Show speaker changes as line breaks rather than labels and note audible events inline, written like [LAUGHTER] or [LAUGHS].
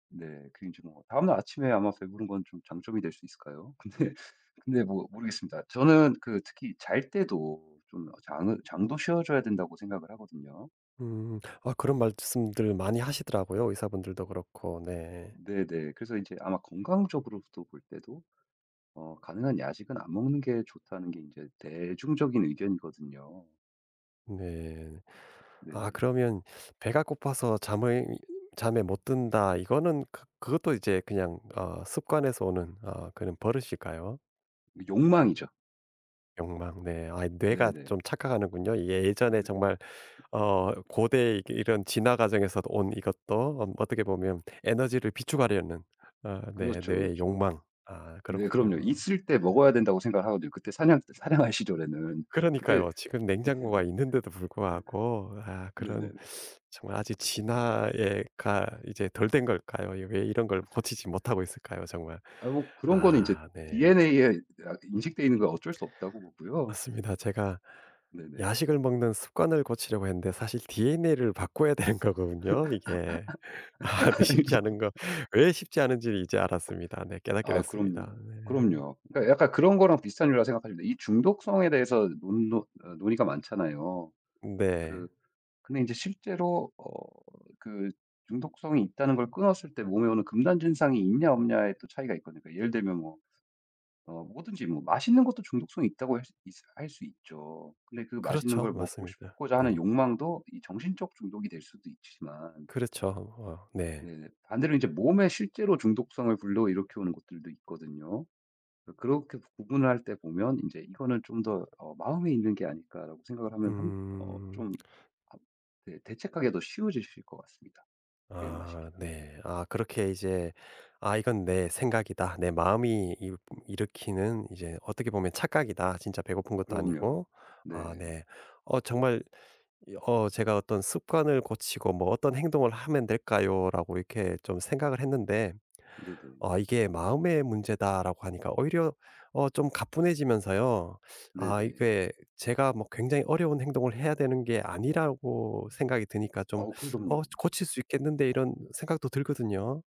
네. 그 인제 뭐 다음날 아침에 아마 배부른 건 좀 장점이 될 수 있을까요? 근데 근데 뭐 모르겠습니다. 저는 그 특히 잘 때도 좀 장은 장도 쉬어 줘야 된다고 생각을 하거든요.
음. 아 그런 말씀들 많이 하시더라고요 의사분들도 그렇고. 네.
네네. 그래서 이제 아마 건강적으로부터 볼 때도 어 "가능한 야식은 안 먹는게 좋다."는 게 인제 대중적인 의견이거든요.
네. 아
네네.
그러면 "배가 고파서 잠을 잠에 못 든다." 이거는 그 그것도 이제 그냥 어 습관에서 오는 어 그런 버릇일까요?
욕망이죠.
욕망. 네. 아이 뇌가
네네.
좀 착각하는군요.
어
예전에
네.
정말 어 고대 이게 이런 진화 과정에서도 온 이것도 뭐 어떻게 보면 에너지를 비축하려는 어 내
그렇죠,
뇌의
그렇죠.
욕망. 아
네. 그럼요.
그렇군요.
있을 때 먹어야 된다고 생각을 하거든요. 그때 사냥 사냥할 시절에는 그때
그러니까요. 지금 냉장고가 있는데도 불구하고 아
네네. [LAUGHS]
그런
네네네.
정말 아직 진화에 가
아
이제 덜 된 걸까요? 왜 이런 걸 고치지 못 하고 있을까요 정말.
아이 뭐 그런 거는 이제
아. 네.
DNA에 아 인식되어 있는 건 어쩔 수 없다고 보고요.
맞습니다. 제가
네네. [LAUGHS]
야식을 먹는 습관을 고치려고 했는데 사실 DNA를 바꿔야 되는
[LAUGHS] 아이고.
거군요 이게. 아 쉽지 않은 거 왜 쉽지 않은지 이제 알았습니다. 네
[LAUGHS]
깨닫게
아.
됐습니다.
그럼요.
네.
그럼요. 그러니까 약간 그런 거랑 비슷한 일이라고 생각하시면 돼요. 이 중독성에 대해서 논 노 어 논의가 많잖아요. 그
네.
근데 이제 실제로 어 그 중독성이 있다는 걸 끊었을 때 몸에 오는 금단 증상이 있냐 없냐에 또 차이가 있거든요. 예를 들면 뭐 어 뭐든지 뭐 맛있는 것도 중독성이 있다고 할 수 있스 할 수 있죠. 근데 그 맛있는
그렇죠.
걸 먹고
맞습니다.
싶고자 하는
네.
욕망도 이 정신적 중독이 될 수도 있지만
그렇죠. 어 네.
네네. 반대로 이제 몸에 실제로 중독성을 불러 일으켜 오는 것들도 있거든요. 그 그렇게 구분을 할 때 보면 인제 이거는 좀 더 어 '마음에 있는 게 아닐까.' 라고 생각을 하면 한 어
음.
좀 합 네 대책하기 더 쉬워지실 것 같습니다
아
대응하시기가.
네. 아 그렇게 이제 '아 이건 내 생각이다. 내 마음이 이 일으키는 이제 어떻게 보면 착각이다. 진짜 배고픈 것도
그럼요.
아니고.' 아
네.
네. 어 정말 이 어 제가 '어떤 습관을 고치고 뭐 어떤 행동을 하면 될까요?'라고 이렇게 좀 생각을 했는데
네네.
아 이게 "마음의 문제다."라고 하니까 오히려 어 좀 가뿐해지면서요 아
네네.
이게 제가 뭐 굉장히 어려운 행동을 해야 되는 게 아니라고 생각이 드니까 좀
아우
'어
그럼요.
고칠 수 있겠는데.' 이런 생각도 들거든요.